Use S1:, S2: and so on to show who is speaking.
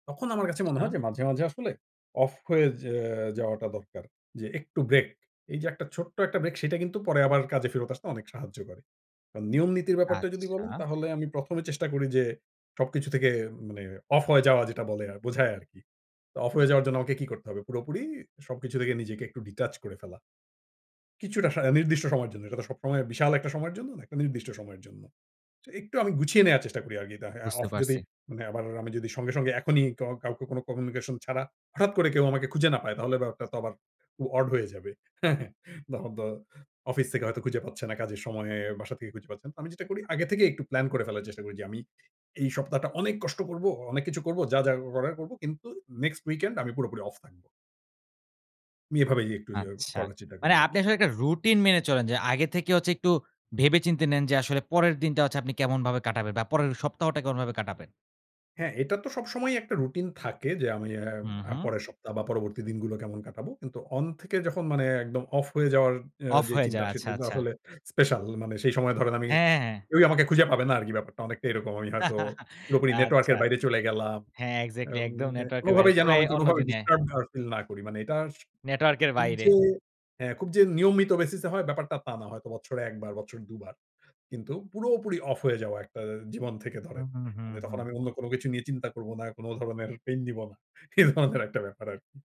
S1: তখন আমার কাছে মনে
S2: আচ্ছা।
S1: হয় যে মাঝে, মাঝে আসলে অফ হয়ে যে যাওয়াটা দরকার। যে একটু ব্রেক এই যে একটা ছোট্ট একটা ব্রেক সেটা কিন্তু পরে আবার কাজে ফেরত আসতে অনেক সাহায্য করে। কারণ নিয়ম নীতির ব্যাপারটা যদি বলেন
S2: আচ্ছা।
S1: তাহলে আমি ১ম এ চেষ্টা করি যে সবকিছু থেকে মানে অফ হয়ে যাওয়া যেটা বলে বোঝায় আরকি। তো অফ হয়ে যাওয়ার জন্য আমাকে কি করতে হবে পুরোপুরি সবকিছু থেকে নিজেকে একটু ডিটাচ করে ফেলা। কিছুটা সারা নির্দিষ্ট সময়ের জন্য, এটা তো সবসময় বিশাল একটা সময়ের জন্য না একটা নির্দিষ্ট সময়ের জন্য। যে একটু আমি গুছিয়ে নেওয়ার চেষ্টা করি আরকি আ
S2: বুঝতে
S1: অফ যদি
S2: পারছি।
S1: মানে আবার আমি যদি সঙ্গে, সঙ্গে এখনই কা কাউকে কোন কমিউনিকেশন ছাড়া হঠাৎ করে কেউ আমাকে খুঁজে না পায় তাহলে ব্যাপারটা তো আবার খুব ওড হয়ে যাবে হ্যাঁ, হ্যাঁ। তখন তো অফিস থেকে হয়তো খুঁজে পাচ্ছে না কাজের সময়ে বাসা থেকে খুঁজে পাচ্ছে না। আমি যেটা করি আগে থেকেই একটু প্ল্যান করে ফেলার চেষ্টা করি যে আমি এই সপ্তাহটা অনেক কষ্ট করব, অনেক কিছু করব যা, যা করার করব কিন্তু নেক্সসট উইকেন্ড আমি পুরোপুরি অফ থাকব। আমি এভাবেই একটু যে
S2: আচ্ছা,
S1: করার চেষ্টা করি
S2: মানে আপনি
S1: আরকি।
S2: আসলে একটা রুটিন মেনে চলেন যে আগে থেকে হচ্ছে একটু ভেবে চিন্তে নেন যে আসলে পরের দিনটা হচ্ছে আপনি কেমনভাবে কাটাবেন বা পরের সপ্তাহটা কেমনভাবে কাটাবেন।
S1: হ্যাঁ, এটা তো সবসময়ই একটা রুটিন থাকে যে আমি অ্যা
S2: হুম,
S1: আ
S2: হুম।
S1: পরের সপ্তাহ বা পরবর্তী দিনগুলো কেমন কাটাবো। কিন্তু অন থেকে যখন মানে একদম অফ হয়ে যাওয়ার আ
S2: অফ
S1: যে
S2: হয়ে
S1: চিন্তা
S2: যায়
S1: সেটা
S2: আচ্ছা,
S1: হচ্ছে
S2: আচ্ছা।
S1: আসলে স্পেশাল মানে সেই সময় ধরেন আমি
S2: হ্যাঁ, হ্যাঁ।
S1: কেউই আমাকে খুঁজে পাবে না আর কি ব্যাপারটা অনেকটাই এরকম আমি হয়তো পুরোপুরি নেটওয়র্ক
S2: আচ্ছা,
S1: এর বাইরে চলে গেলাম।
S2: হ্যাঁ
S1: আ
S2: এক্সাক্টলি
S1: উম
S2: একদম নেটওয়র্ক এর বাইরে
S1: কোনোভাবেই যেন
S2: পুরাই
S1: আমি
S2: অন্য
S1: কোনোভাবে
S2: দুনিয়ায়।
S1: ডিস্টার্ব না ফিল না করি মানে এটা
S2: নেটওয়র্ক এর
S1: খুব
S2: বাইরে।
S1: যে হ্যাঁ। খুব যে নিয়মিত বেসিসে হয় ব্যাপারটা তা না হয়তো বছরে ১বার বছরে ২বার কিন্তু পুরোপুরি অফ হয়ে যাওয়া একটা জীবন থেকে
S2: হুম,
S1: ধরেন।
S2: হুম, হুম,
S1: মানে তখন
S2: হুম।
S1: আমি অন্য কোন কিছু নিয়ে চিন্তা করব না, কোন ধরনের পেইন নিব না, এই ধরনের একটা ব্যাপার আরকি।